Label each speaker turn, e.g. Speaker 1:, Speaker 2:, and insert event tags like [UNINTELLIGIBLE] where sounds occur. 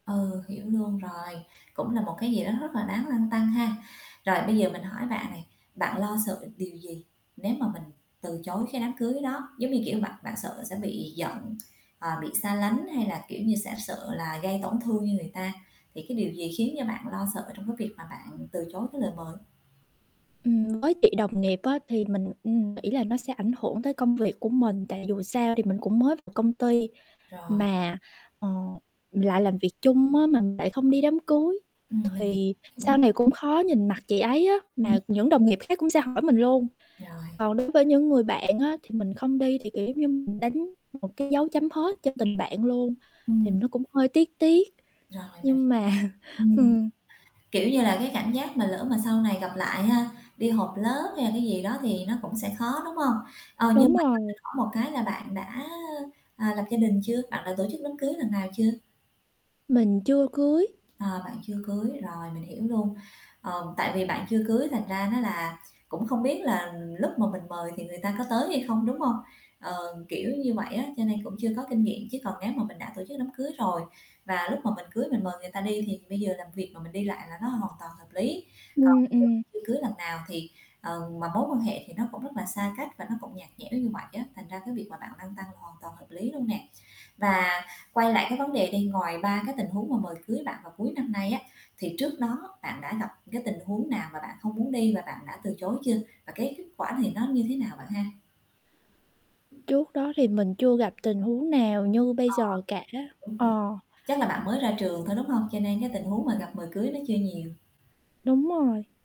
Speaker 1: Ừ, hiểu luôn rồi, cũng là một cái gì đó rất là đáng lăn tăn ha. Rồi bây giờ mình hỏi bạn này, bạn lo sợ điều gì nếu mà mình từ chối cái đám cưới đó, giống như, kiểu, bạn bạn sợ sẽ bị giận, ờ, bị xa lánh hay là, kiểu như, sẽ sợ là gây tổn thương người ta? Thì cái điều gì khiến cho bạn lo sợ trong cái việc mà bạn từ chối cái lời mời?
Speaker 2: Ừm, với chị đồng nghiệp á thì mình, ừm, nghĩ là nó sẽ ảnh hưởng tới công việc của mình, tại dù sao thì mình cũng mới vào công ty
Speaker 1: Rồi.
Speaker 2: mà, ờ, lại làm việc chung á, mà mình lại không đi đám cưới,
Speaker 1: Ừm, mình hiểu.
Speaker 2: thì sau
Speaker 1: Ừm.
Speaker 2: này cũng khó nhìn mặt chị ấy á,
Speaker 1: Ừm.
Speaker 2: mà những đồng nghiệp khác cũng sẽ hỏi mình luôn.
Speaker 1: Rồi.
Speaker 2: Còn đối với những người bạn á thì mình không đi thì, kiểu, giống như mình đánh một cái dấu chấm hết cho tình bạn luôn. Thì
Speaker 1: Ừm.
Speaker 2: nó cũng hơi tiếc tiếc
Speaker 1: Rồi, mình hiểu.
Speaker 2: nhưng mà
Speaker 1: Ừm,
Speaker 2: ừm.
Speaker 1: kiểu như là, cái cảm giác mà lỡ mà sau này gặp lại ha, đi họp lớp hay là cái gì đó thì nó cũng sẽ khó, đúng hông? Ờ,
Speaker 2: Đúng
Speaker 1: nhưng mà cho
Speaker 2: rồi.
Speaker 1: mình hỏi một cái là bạn đã, à, lập gia đình chưa, bạn đã tổ chức đám cưới lần nào chưa?
Speaker 2: Mình chưa cưới.
Speaker 1: Ờ, bạn chưa cưới, rồi mình hiểu luôn. Ờm, tại vì bạn chưa cưới thành ra nó là cũng không biết là lúc mà mình mời thì người ta có tới hay không, đúng hông? Ờ, kiểu như vậy á, cho nên cũng chưa có kinh nghiệm, chứ còn nếu mà mình đã tổ chức đám cưới rồi và lúc mà mình cưới mình mời người ta đi thì bây giờ làm việc mà mình đi lại là nó hoàn toàn hợp lý. Còn
Speaker 2: Ừm,
Speaker 1: giờ
Speaker 2: ừm.
Speaker 1: chưa cưới lần nào thì, ờ, mà mối quan hệ thì nó cũng rất là xa cách và nó cũng nhạt nhẽo như vậy á, thành ra cái việc mà bạn lăn tăn hoàn toàn hợp lý luôn nè. Và quay lại cái vấn đề đi, ngoài 3 cái tình huống mà mời cưới bạn vào cuối năm nay á, thì trước đó bạn đã gặp cái tình huống nào mà bạn không muốn đi và bạn đã từ chối chưa? Và cái kết quả này nó như thế nào bạn ha?
Speaker 2: Trước đó thì mình chưa gặp tình huống nào như bây
Speaker 1: Ờ.
Speaker 2: giờ cả,
Speaker 1: [UNINTELLIGIBLE]
Speaker 2: ờ.
Speaker 1: Chắc là bạn mới ra trường thôi, đúng hông? Cho nên cái tình huống mà gặp mời cưới nó chưa nhiều.
Speaker 2: Đúng rồi.